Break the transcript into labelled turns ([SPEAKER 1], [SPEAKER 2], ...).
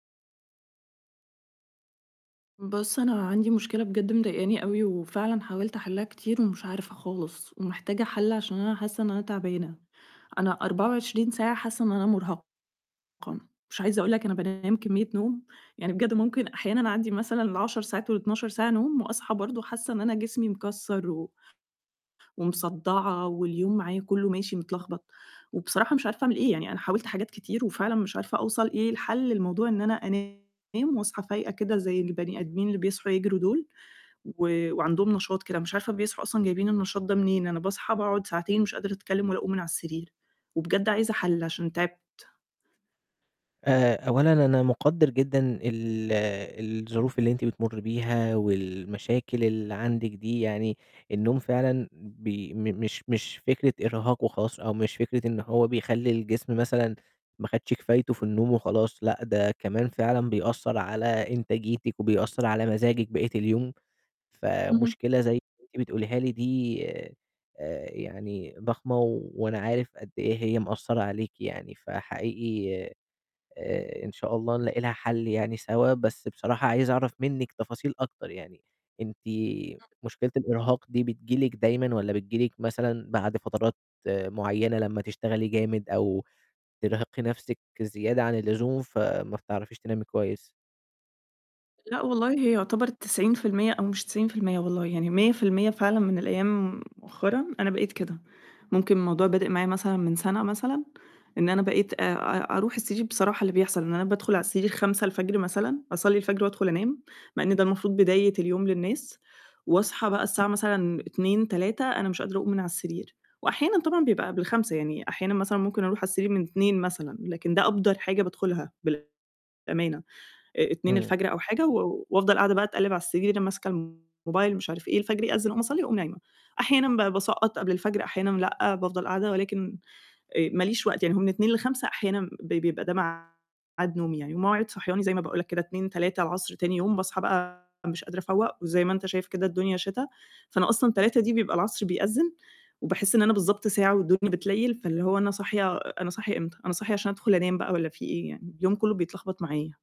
[SPEAKER 1] بُصّ، أنا عندي مشكلة بجد مضايقاني أوي، وفعلاً حاولت أحِلّها كتير ومش عارفة خالص، ومحتاجة حَلّ عشان أنا حاسة إن أنا تعبانة، أنا 24 ساعة حاسة إن أنا مرهقة، مش عايزة أقول لك أنا بانام كمية نوم، يعني بجد ممكن أحيانًا أعدّي مثلًا ال10 ساعات وال12 ساعة نوم، وأصحى برضه حاسة إن أنا جسمي مكسّر و ومصدّعة واليوم معايا كُلُّه ماشي متلخبط، وبصراحة مش عارفة أعمل إيه، يعني أنا حاولت حاجات كتير وفعلاً مش عارفة أوصل إيه الحَلّ لموضوع إن أنا أنام وأصحى فايقة كده زي البني آدمين اللي بيصحوا يجروا دول، و وعندهم نشاط كده مش عارفة بيصحوا أصلًا جايبين النشاط ده منين، أنا باصحى باقعد ساعتين مش قادرة أتكلم ولا أقوم من على السرير، وبجد عايزة حَلّ عشان تعِبت.
[SPEAKER 2] آآ، أولًا أنا مقدِّر جدًا ال الظروف اللي أنتِ بتمُرّي بيها والمشاكل اللي عندِك دي، يعني النوم فعلًا بي م مش مش فكرة إرهاق وخلاص، أو مش فكرة إن هو بيخلّي الجسم مثلًا ما خدش كفايتُه في النوم وخلاص، لأ، ده كمان فعلًا بيأثّر على إنتاجيتِك وبيأثّر على مزاجِك بقية اليوم،
[SPEAKER 1] اهم.
[SPEAKER 2] فمشكلة زي أنتِ بتقوليها لي دي، آآ، يعني ضخمة و وأنا عارف قد إيه هي مأثّرة عليكِ يعني، فحقيقي، آآ، إن شاء الله نلاقي لها حل يعني سوا، بس بصراحة عايز أعرف منِّك تفاصيل أكتر يعني، أنتِ مشكلة الإرهاق دي بتجيلِك دايمًا والَّا بتجيلِك مثلًا بعد فترات، آآ، معيّنة لمّا تشتغلي جامد أو ترهقي نفسِك زيادة عن اللزوم فما بتعرفيش تنامي كويس؟
[SPEAKER 1] لأ والله، هي يُعتبر 90% أو مش 90% والله، يعني 100% فعلًا من الأيام مؤخرًا أنا بقيت كده. ممكن الموضوع بادئ معايا مثلًا من سنة مثلًا، إن أنا بقيت آآ، آآ، أرُوح السرير بصراحة اللي بيحصل إن أنا بادخل على السرير 05:00 مثلًا، أصلّي الفجر وأدخل أنام، مع إن ده المفروض بداية اليوم للناس، وأصحى بقى الساعة مثلًا 14:00، 15:00 أنا مش قادرة أقوم من على السرير، وأحيانًا طبعًا بيبقى قبل 05:00 يعني، أحيانًا مثلًا ممكن أرُوح على السرير من 02:00 مثلًا، لكن ده أبدَر حاجة بادخلها بالأمانة، آآ اتنين
[SPEAKER 2] امم.
[SPEAKER 1] الفجر أو حاجة، و وافضل قاعدة بقى اتقلّب على السرير ماسكة الموبايل مش عارف إيه، الفجر يأذِّن أقوم أصلّي وأقوم نايمة، أحيانًا بقى باسقّط قبل الفجر، أحيانًا لأ، بافضل قاعدة ولكن، آآ، ماليش وقت، يعني هو من 02:00 ل05:00 أحيانًا ب بيبقى ده مع ميعاد نومي يعني، ومواعيد صحياني زي ما باقول لك كده 14:00، 15:00 العصر تاني يوم باصحى بقى مش قادرة أفوّق، وزي ما أنت شايف كده الدنيا شتا، فأنا أصلًا 15:00 دي بيبقى العصر بيأذِّن، وباحس إن أنا بالضبط ساعة والدنيا بتليّل، فاللي هو أنا صاحية أنا صاحية امتى؟ أنا صاحية عشان أدخل أنام بقى والَّا في إيه يعني! اليوم كُلّه بيتلخبط معايا.